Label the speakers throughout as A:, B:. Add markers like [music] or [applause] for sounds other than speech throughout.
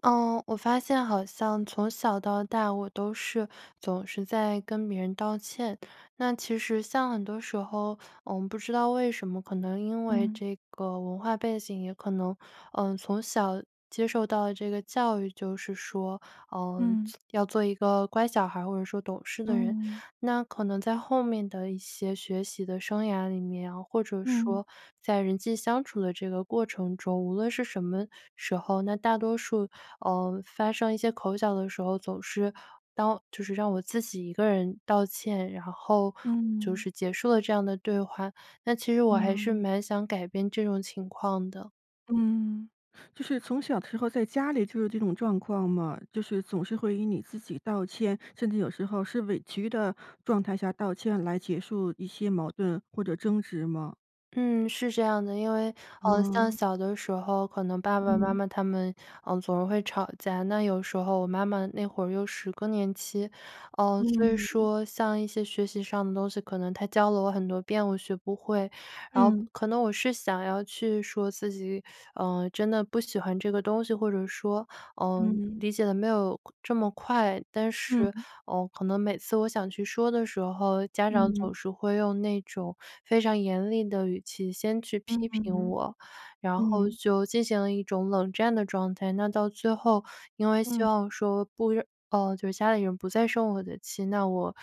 A: 呃，我发现好像从小到大我都是总是在跟别人道歉。那其实像很多时候，嗯，我不知道为什么，可能因为
B: 嗯。
A: 这个文化背景，也可能呃从小接受到的这个教育，就是说，嗯，
B: 嗯。
A: 要做一个乖小孩儿或者说懂事的人。
B: 嗯。
A: 那可能在后面的一些学习的生涯里面，或者
B: 嗯。
A: 说在人际相处的这个过程中，无论是什么时候，那大多数，嗯，发生一些口角的时候，总是道就是让我自己一个人道歉，然后就
B: 嗯。
A: 是结束了这样的对话，但其实我还是
B: 嗯。
A: 蛮想改变这种情况的。
B: 嗯，就是从小的时候在家里就有这种状况吗？就是总是会以你自己道歉，甚至有时候是委屈的状态下道歉来结束一些矛盾或者争执吗？
A: 嗯，是这样的，因为呃像
B: 哦。
A: 小的时候可能爸爸妈
B: 嗯。
A: 妈他们，嗯，总是会吵架。那有时候我妈妈那会儿又是更年期，呃，所以
B: 嗯。
A: 说像一些学习上的东西，可能她教了我很多遍，我学不会。然后
B: 嗯。
A: 可能我是想要去说自己，呃，真的不喜欢这个东西，或者说，嗯，
B: 嗯。
A: 理解得没有这么快。但是
B: 嗯。
A: 嗯，可能每次我想去说的时候，家长总
B: 嗯。
A: 是会用那种非常严厉的语气先去
B: 嗯
A: 批评
B: 嗯
A: 我，然后
B: 嗯。
A: 就进行了一种冷战的状态。那到最后因为希
B: 嗯。
A: 望说不呃，就是家里人不再生我的气，那我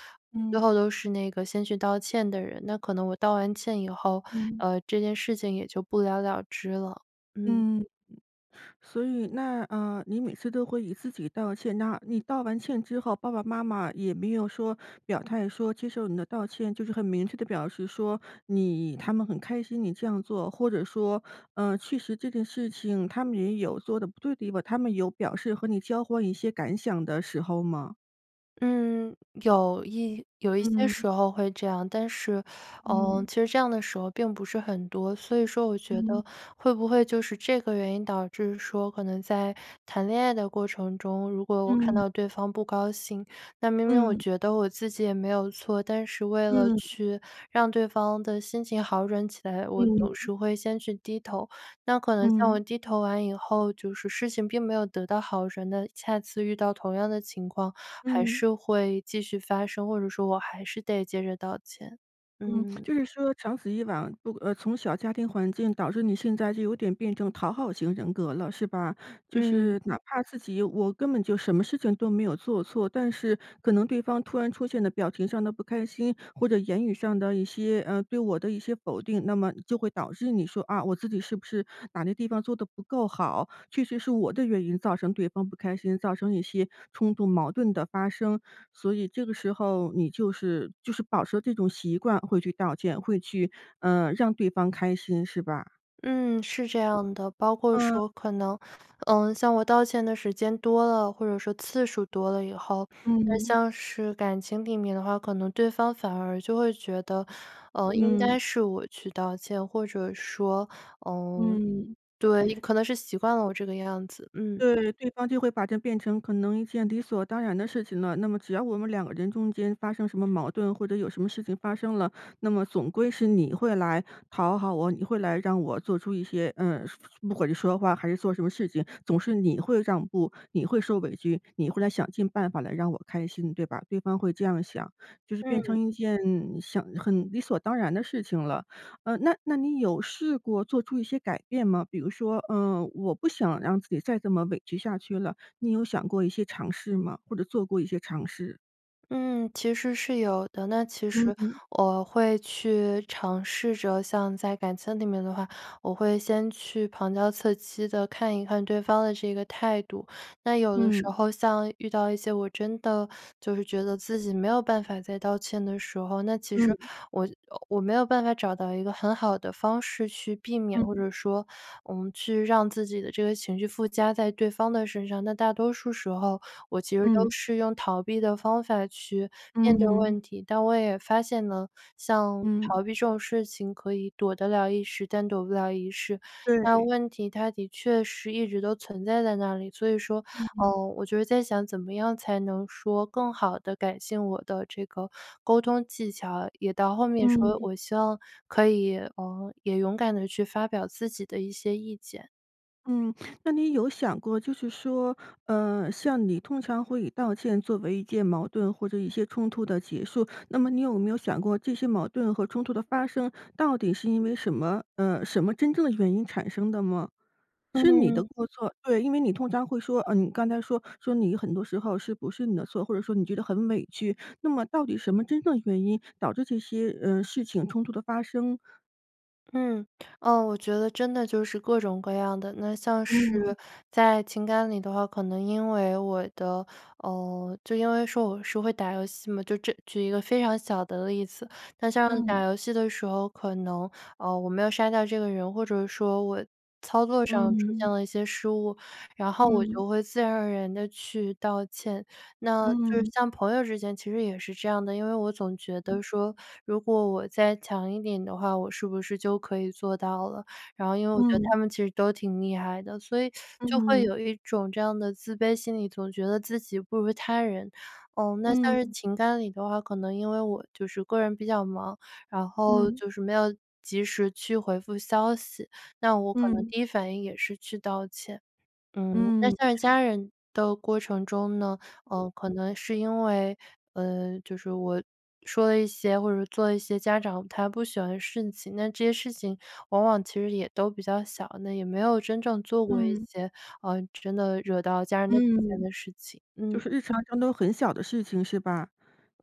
A: 最
B: 嗯。
A: 后都是那个先去道歉的人。那可能我道完歉以后，
B: 嗯。
A: 呃，这件事情也就不了了之了，嗯。
B: 嗯，所以那，呃，你每次都会以自己道歉那你道完歉之后，爸爸妈妈也没有说表态说接受你的道歉，就是很明确地表示说你他们很开心你这样做。或者说呃确实这件事情他们也有做得不对的地方，他们有表示和你交换一些感想的时候吗？
A: 嗯，有一有一些
B: 嗯。
A: 时候会这样，但是，呃，
B: 嗯。
A: 其实这样的时候并不是很多。所以说我觉
B: 嗯。
A: 得会不会就是这个原因导致说可能在谈恋爱的过程中，如果我看
B: 嗯。
A: 到对方不高兴，那明明我
B: 嗯。
A: 觉得我自己也没有错，但是为了
B: 嗯。
A: 去让对方的心情好转起来，我总
B: 嗯。
A: 是会先去低头，那可能像我
B: 嗯。
A: 低头完以后，就是事情并没有得到好转的，下次遇到同样的情况还
B: 嗯。
A: 是会继续发生，或者说我还是得接着道歉。
B: 嗯，
A: 嗯。
B: 就是说长此以往，如呃，从小家庭环境导致你现在就有点变成讨好型人格了是吧？就
A: 嗯。
B: 是哪怕自己“我根本就什么事情都没有做错”，但是可能对方突然出现的表情上的不开心，或者言语上的一些，呃，对我的一些否定那么就会导致你说“啊！我自己是不是哪个地方做的不够好，确实是我的原因造成对方不开心，造成一些冲突矛盾的发生”。所以这个时候你就是就是保持这种习惯会去道歉，会去，嗯让对方开心是吧？
A: 嗯，是这样的，包括
B: 嗯。
A: 说可能，嗯，像我道歉的时间多了，或者说次数多了以后，那
B: 嗯。
A: 像是感情里面的话，可能对方反而就会觉得，呃，应
B: 嗯。
A: 该是我去道歉，或者说，嗯
B: 嗯。
A: 对，也可能是习惯了我这个样子，嗯。
B: 对！对方就会把它变成可能一件理所当然的事情了。那么只要我们两个人中间发生什么矛盾或者有什么事情发生了，那么总归是你会来讨好我，你会来让我做出一些，呃不管是说话还是做什么事情总是“你会让步、你会受委屈、你会来想尽办法来让我开心，对吧？”对方会这样想。就是变
A: 嗯。
B: 成一件想很理所当然的事情了。呃，那那你有试过做出一些改变吗？比如说，呃我不想让自己再这么委屈下去了，你有想过一些尝试吗？或者做过一些尝试。
A: 嗯，其实是有的，那其实
B: 嗯。
A: 我会去尝试着像在感情里面的话，我会先去旁敲侧击地看一看对方的这个态度。那有的时
B: 嗯。
A: 候像遇到一些我真的 [sucks teeth] 就是觉得自己没有办法再道歉的时候，那其实
B: 嗯。
A: 我我没有办法找到一个很好的方式去避免，或
B: 嗯。
A: 者说我们去让自己的这个情绪附加在对方的身上。那大多数时候，我其实都
B: 嗯。
A: 是用逃避的方法去面对
B: 嗯。
A: 问题，但我也发现呢，像
B: 嗯。
A: 逃避这种事情可以躲得了一时，但躲不了一世。那
B: 对。
A: 问题它的确是一直都存在在那里，所以说，
B: 嗯。
A: 呃，我觉得在想怎么样才能说更好地改进我的这个沟通技巧，也到后面说
B: 嗯。
A: 我希望可以，呃，也勇敢地去发表自己的一些意见。
B: 嗯，那你有想过，就是说，呃，像你通常会以道歉作为一件矛盾或者一些冲突的结束。那么你有没有想过这些矛盾和冲突的发生，到底是因为什么呃，什么真正的原因产生的吗？是你的
A: 嗯。
B: 过错对，因为你通常会说呃，你刚才说说你很多时候是不是你的错，或者说你觉得很委屈，那么到底什么真正原因导致这些，呃，事情、冲突的发生？
A: 嗯，呃，我觉得真的就是各种各样的。那像
B: 嗯。
A: 是在情感里的话，可能因为我的呃，就因为说我是会打游戏嘛。就这举一个非常小的例子，那像
B: 嗯。
A: 打游戏的时候，可能，呃，我没有杀掉这个人，或者说我操作上出现
B: 嗯。
A: 了一些失误，然后我
B: 嗯。
A: 就会自然而然地去道歉。那就是
B: 嗯。
A: 像朋友之间其实也是这样的，因为我总觉得说如果我再强一点的话，我是不是就可以做到了？然后因为我觉得
B: 嗯。
A: 他们其实都挺厉害的。所以 [sucks teeth] 就会
B: 嗯。
A: 有一种这样的自卑心理，总觉得自己不如他人。呃，那像是
B: 嗯。
A: 情感里的话，可能因为我就是个人比较忙，然后
B: 嗯。
A: 就是没有及时去回复消息，那我可能
B: 嗯。
A: 第一反应也是去道歉。嗯，那
B: 嗯。
A: 像家人的过程中呢，呃，可能是因为，呃，就是我说了一些，或者做了一些家长他不喜欢事情，这些事情往往其实也都比较小，那也没有真正做过一
B: 嗯。
A: 些，呃，真的惹到家人的底线
B: 嗯，
A: 的事情，
B: 就
A: 嗯。
B: 是日常当中都很小的事情是吧？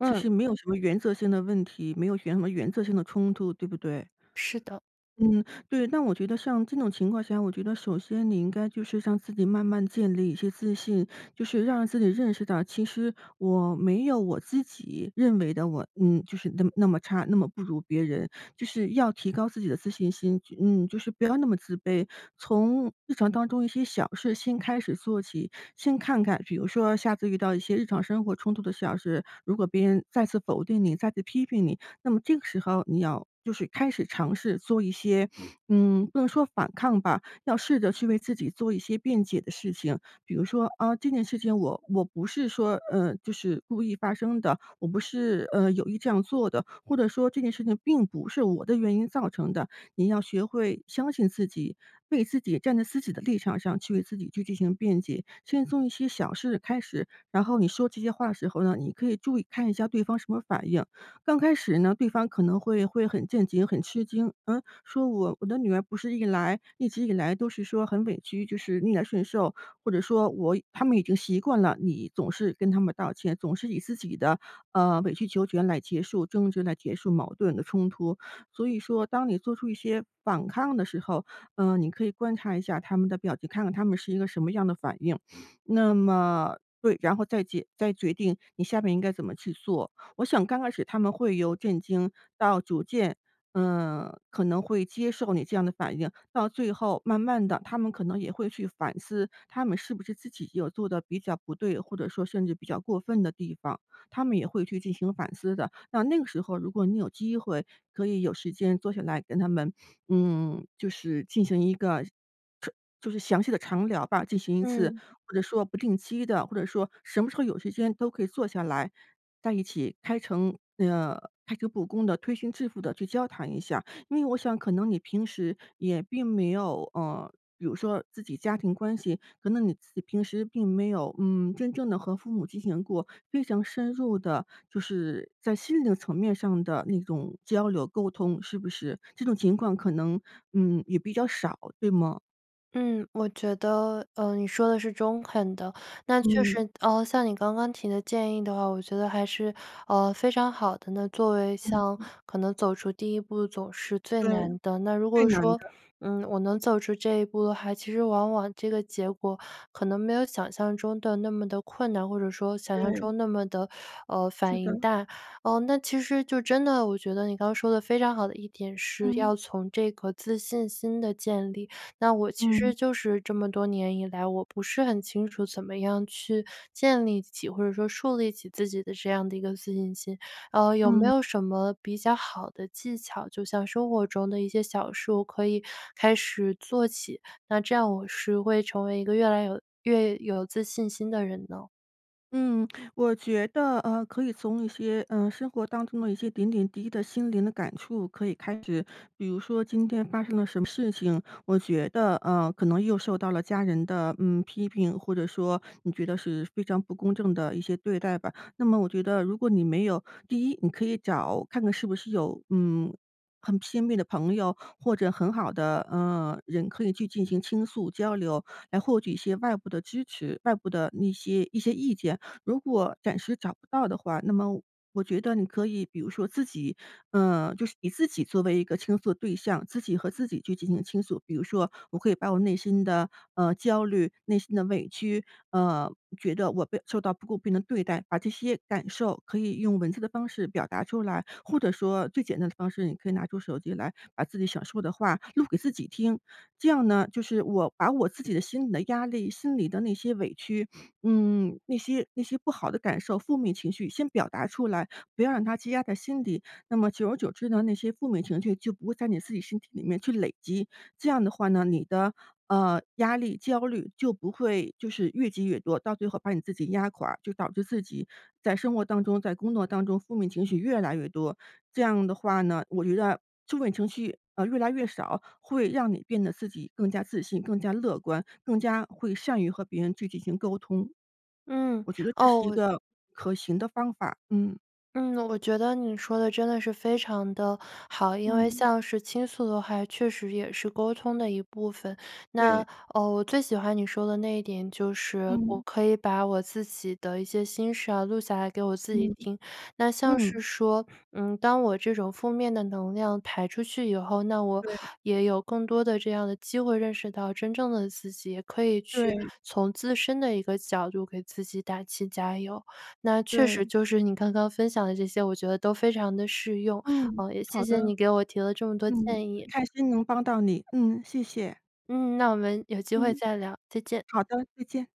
B: 其实没有什么原则性的问题，没有原什么原则性的冲突，对不对？
A: 是的。
B: 嗯，对，那我觉得像这种情况下，我觉得首先你应该就是让自己慢慢建立一些自信。就是让自己认识到，其实我没有我自己，认为的，我嗯，就是那么那么差、那么不如别人。就是要提高自己的自信心，就嗯，就是不要那么自卑。从日常当中一些小事情先开始做起，先看看，比如说下次遇到一些日常生活冲突的小事，如果别人再次否定你、再次批评你，那么这个时候你要就是开始尝试做一些，[sniffs] 嗯，不能说反抗吧，要试着去为自己做一些辩解的事情。比如说：“啊，这件事情我我不是说，呃，就是故意发生的，我不是，呃，有意这样做的。”或者说：“这件事情并不是我的原因造成的。”你要学会相信自己，为自己站在自己的立场上去为自己去进行辩解。先从一些小事开始，然后你说这些话的时候呢，你可以注意看一下对方什么反应。刚开始呢，对方可能会会很震惊，很吃惊，呃，说：“我我的女儿不是一来一直以来都是说很委屈，就是逆来顺受？“或者说我他们已经习惯了，你总是跟他们道歉，总是以自己的，呃，委曲求全来结束争执，来结束矛盾的冲突。所以说当你做出一些反抗的时候，呃，你可以观察一下他们的表情，看看他们是一个什么样的反应。[sniffs] 那么，对，然后再解再决定你下面应该怎么去做。我想刚开始他们会由震惊到逐渐，呃，可能会接受你这样的反应，到最后慢慢地他们可能也会去反思，他们是不是自己有做得比较不对，或者说甚至比较过分的地方，他们也会去进行反思的。那那个时候如果你有机会可以有时间坐下来跟他们，[sniffs] 嗯，就是进行一个，彻就是详细的长聊吧，进行一次
A: 嗯。
B: 或者说不定期的，或者说什么时候有时间都可以坐下来，在一起开诚那个开诚布公地，推心置腹地去交谈一下。因为我想可能你平时也并没有，呃，比如说自己家庭关系，可能你自己平时并没有，嗯，真正地和父母进行过非常深入的，就是在心灵的层面上的那种交流沟通，是不是？这种情况可能，嗯，也比较少？对吗？
A: 嗯，我觉得，呃，你说得是中肯的。那确
B: 嗯。
A: 实，呃，像你刚刚提的建议的话，我觉得还是，呃，非常好的，那作为
B: 嗯
A: 像
B: 哼。
A: 可能走出第一步总是最
B: 对，
A: 难的，那如
B: 最
A: 果
B: 难
A: 说，
B: 的。
A: 嗯，我能走出这一步的话，其实往往这个结果可能没有想象中的那么地困难，或者说想象
B: 对。
A: 中那么地，呃，
B: 是
A: 反
B: 的。
A: 应大。呃，那其实就真的我觉得你刚说的非常好的一点是
B: 嗯。
A: 要从这个自信心的建立，那我其
B: 嗯。
A: 实就是这么多年以来，我不是很清楚怎么样去建立起，或者说树立起自己的这样的一个自信心。呃，有没
B: 嗯。
A: 有什么比较好的技巧，就像生活中的一些小事我可以开始做起，那这样我是会成为一个越来越有越有自信心的人呢？
B: 嗯，我觉得，呃，可以从一些，呃，生活当中的一些点点滴滴的心灵的感触可以开始。比如说今天发生了什么事情，我觉得，呃，可能又受到了家人的，嗯，批评，或者说你觉得是非常不公正的一些对待吧。那么我觉得如果你没有第一你可以找看看是不是有，嗯，很亲密的朋友，或者很好的，呃，人，可以去进行倾诉交流，来获取一些外部的支持，外部的那些一些意见。如果暂时找不到的话，那么我觉得你可以，比如说自己呃，就是以自己作为一个倾诉的对象，自己和自己去进行倾诉。比如说我可以把我内心的，呃，焦虑、内心的委屈，呃，觉得我被受到不公平的对待，把这些感受可以用文字的方式表达出来。或者说最简单的方式，你可以拿出手机来把自己想说的话录给自己听。这样呢，就是我把我自己的心里的压力，心里的那些委屈 [sniffs] 嗯，那些那些不好的感受，负面情绪先表达出来，不要让它积压在心底。那么久而久之呢，那些负面情绪就不会在你自己身体里面去累积。这样的话呢，你的，呃，压力、焦虑就不会就是越积越多，到最后把你自己压垮，就导致自己在生活当中、在工作当中，负面情绪越来越多。这样的话呢，我觉得负面情绪，呃，越来越少，会让你变得自己更加自信、更加乐观、更加会善于和别人去进行沟通。
A: 嗯，
B: 我觉得这
A: 哦
B: 是一
A: 我
B: 个可行的方法。嗯。
A: 嗯，我觉得你说得真的是非常地好。因为
B: 嗯。
A: 像是倾诉的话，确实也是沟通的一部分。
B: 对。
A: 那，呃，我最喜欢你说的那一点就是我
B: 嗯。
A: 可以把我自己的一些心事啊，录下来给我自己
B: 嗯。
A: 听。那像
B: 嗯。
A: 是说，嗯，当我这种负面的能量排出去以后，那我
B: 对。
A: 也有更多的这样的机会认识到真正的自己，也可以去
B: 对。
A: 从自身的一个角度给自己打气加油。那确实
B: 对。
A: 就是你刚刚分享的这些，我觉得都非常地适用，
B: 嗯，
A: 呃，也谢
B: 好的。
A: 谢你给我提了这么多
B: 嗯，
A: 建
B: 很
A: 议。
B: 开心能帮到你，嗯，谢谢。
A: 嗯，那我们有机会
B: 嗯。
A: 再聊，再见。
B: 好的，再见。